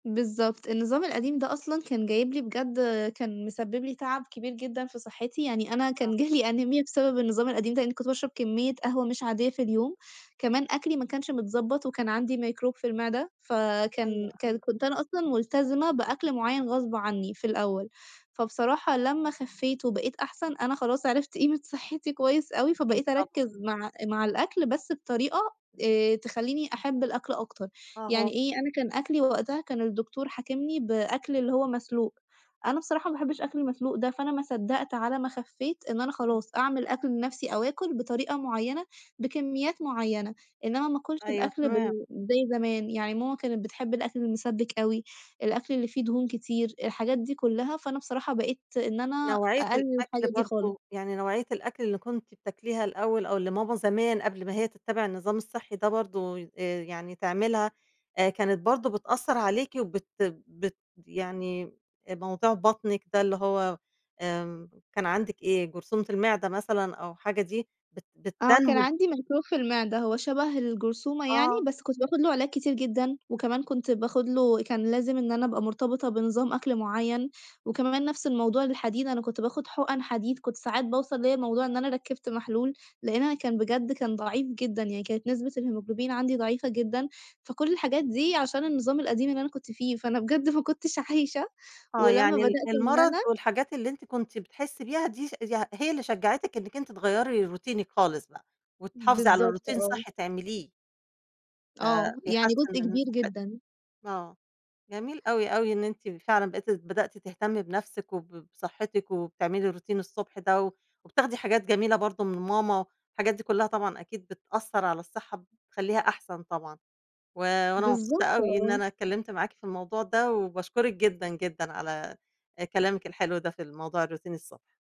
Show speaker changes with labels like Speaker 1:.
Speaker 1: بالضبط، النظام القديم ده أصلًا كان جايب لي بجد كان مسبِّب لي تَعَب كبير جدًا في صحتي، يعني أنا
Speaker 2: آه.
Speaker 1: كان جالي أنيميا بسبب النظام القديم ده، لإنّي كنت باشرب كمية قهوة مش عادية في اليوم، كمان أكلي ما كانش متضبَّط وكان عندي ميكروب في المعدة،
Speaker 2: أيوه،
Speaker 1: فكان كان
Speaker 2: أيوه.
Speaker 1: كنت أنا أصلًا ملتزمة بأكل معيّن غصب عنّي في الأول، فبصراحة لمّا خفّيت وبقيت أحسن أنا خلاص عرفت قيمة صحتي كويس أوي،
Speaker 2: أكيد،
Speaker 1: فبقيت
Speaker 2: طبعًا.
Speaker 1: أركّز مع مع الأكل بس بطريقة آآ، تخلّيني أحب الأكل أكتر.
Speaker 2: آه هو
Speaker 1: يعني إيه، أنا كان أكلي وقتها كان الدكتور حاكمني بأكل اللي هو مسلوق، أنا بصراحة ما باحبش أكل المسلوق ده، فأنا ما صدّقت على ما خفّيت إن أنا
Speaker 2: اهم.
Speaker 1: خلاص أعمل أكل بنفسي، أو آكل بطريقة معيّنة، بكميات معيّنة، إنّما ما آكُلش
Speaker 2: أيوه،
Speaker 1: الأكل
Speaker 2: تمام.
Speaker 1: بال زي زمان، يعني ماما كانت بتحب الأكل المِسبِّك أوي، الأكل اللي فيه دهون كتير، الحاجات دي كلّها، فأنا بصراحة بقيت إن أنا
Speaker 2: نوعية
Speaker 1: أقلِّل
Speaker 2: الأكل
Speaker 1: الحاجة دي خالص.
Speaker 2: برضه، يعني نوعية الأكل اللي كنتِ بتاكليها الأول أو اللي ماما زمان قبل ما هي تتبِّع النظام الصحي ده برضه، ي آآ، يعني تعملها آآ، كانت برضه بتأثّر عليكِ، وبت بت يعني أ موضوع بطنِك ده اللي هو آمم، كان عندِك إيه؟ جرثومة المعدة مثلًا، أو حاجة دي بت
Speaker 1: آه، كان
Speaker 2: بتنمو
Speaker 1: عندي ميكروب في المعدة، هو شَبَه الجرثومة يعني،
Speaker 2: آه.
Speaker 1: بس كنت باخد له علاج كتير جدًا، وكمان كنت باخد له كان لازم إن أنا أبقى مرتبطة بنظام أكل معيّن، وكمان نفس الموضوع للحديد، أنا كنت باخد حُقن حديد كنت ساعات باوصل ليّا موضوع إن أنا ركِّبت محلول، لإن أنا كان بجد كان ضعيف جدًا، يعني كانت نسبة الهيموجلوبين عندي ضعيفة جدًا. فكل الحاجات دي عشان النظام القديم اللي أنا كنت فيه، فأنا بجد ما كنتش عايشة،
Speaker 2: آه،
Speaker 1: ولمَّا
Speaker 2: يعني ال
Speaker 1: بدأت إن
Speaker 2: المرض
Speaker 1: أنا
Speaker 2: والحاجات اللي أنتِ كنتِ بتحسّي بيها دي ش يع هي اللي شجعتِك إنِّك أنتِ تغيّري روتينِك خالص بقى، وتحافظي على
Speaker 1: بالضبط،
Speaker 2: روتين
Speaker 1: آه.
Speaker 2: صحّي تعمليه؟ ف
Speaker 1: آه، يعني
Speaker 2: بيحسّن
Speaker 1: جزء
Speaker 2: من
Speaker 1: كبير
Speaker 2: صحتِك،
Speaker 1: جدًا.
Speaker 2: آه، جميل أوي، أوي إن أنتِ فعلًا بقيتِ بدأتِ تهتمي بنفسِك وب بصحتِك وبتعملي روتين الصبح ده، و وبتاخدي حاجات جميلة برضه من ماما، الحاجات دي كلّها طبعًا أكيد بتأثّر على الصحة، ب بتخلّيها أحسن طبعًا. و وأنا مبسوطة
Speaker 1: بالضبط،
Speaker 2: أوي إن
Speaker 1: آه.
Speaker 2: أنا اتكلِّمت معاكِ في الموضوع ده، وباشكرِك جدًا، جدًا على آآ، كلامِك الحلو ده في الموضوع الروتين الصبح.